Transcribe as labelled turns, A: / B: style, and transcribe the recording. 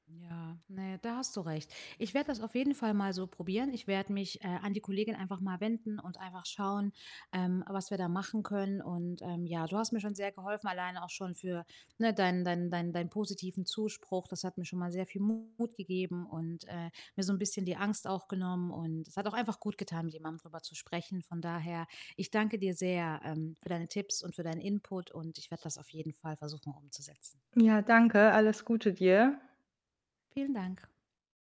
A: Ja, ne, da hast du recht. Ich werde das auf jeden Fall mal so probieren. Ich werde mich, äh, an die Kollegin einfach mal wenden und einfach schauen, ähm, was wir da machen können. Und, ähm, ja, du hast mir schon sehr geholfen, alleine auch schon für, ne, deinen deinen deinen deinen positiven Zuspruch. Das hat mir schon mal sehr viel Mut gegeben und, äh, mir so 'n bisschen die Angst auch genommen und es hat auch einfach gutgetan, mit jemandem drüber zu sprechen. Von daher, ich danke dir sehr, ähm, für deine Tipps und für deinen Input und ich werde das auf jeden Fall versuchen umzusetzen.
B: Ja, danke. Alles Gute dir.
A: Vielen Dank.